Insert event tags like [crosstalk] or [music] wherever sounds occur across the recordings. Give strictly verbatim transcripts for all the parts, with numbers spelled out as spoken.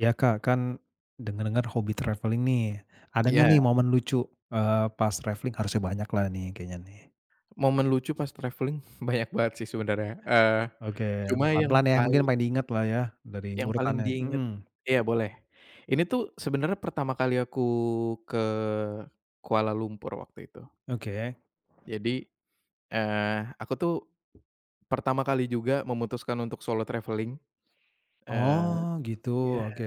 Iya Kak, kan, denger-denger hobi travelling nih ada gak nih Iya. momen lucu, eee, pas travelling? Harusnya banyaklah nih kayaknya nih. Momen lucu pas traveling banyak banget sih sebenernya, eee, Oke cuma pelan-pelan yang ya mungkin paling yang paling diingetlah ya dari Yang paling urutannya, diinget mhm. iya boleh ini tuh sebenernya pertama kali aku ke, Kuala Lumpur waktu itu. Oke. Jadi, eee, aku tuh, pertama kali juga memutuskan untuk solo traveling, eee, Oh gitu ya oke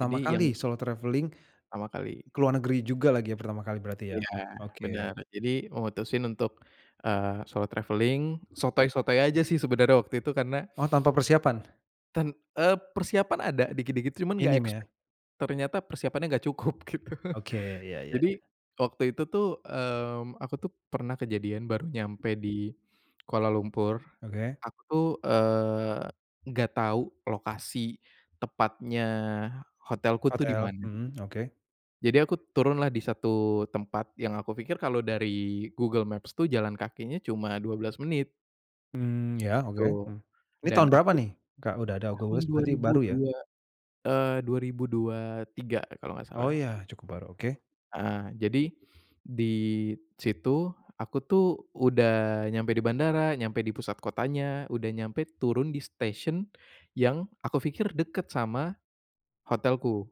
jadi kali yang solo travelling, Pertama kali. ke luar negeri juga lagi ya pertama kali berarti ya, Iya oke. bener jadi memutusin untuk, eee, solo travelling sotoy sotoy aja sih sebenernya waktu itu karena Oh tanpa persiapan. Ten eee, persiapan ada dikit-dikit cuman gak Minim ya. expect, ternyata persiapannya gak cukup gitu, Oke [chuckles] iya iya jadi iya. waktu itu tuh, mmm, aku tuh pernah kejadian baru nyampe di Kuala Lumpur, Oke. aku tuh, eee, gak tau lokasi tepatnya hotelku tuh di Hotel, mana. mhm, oke. Jadi aku turunlah di satu tempat yang aku pikir kalo dari Google Maps tuh jalan kakinya cuma dua belas menit. Mmm, ya oke, Gitu, mmm. Ini dan tahun berapa aku, nih Kak, udah ada Google tahun Maps dua berarti ribu baru ya? dua eee, dua ribu dua tiga kalau gak Oh salah. ya cukup baru oke. Ah, jadi, di situ aku tuh udah nyampe di bandara, nyampe di pusat kotanya udah nyampe turun di station yang aku pikir deket sama, hotelku.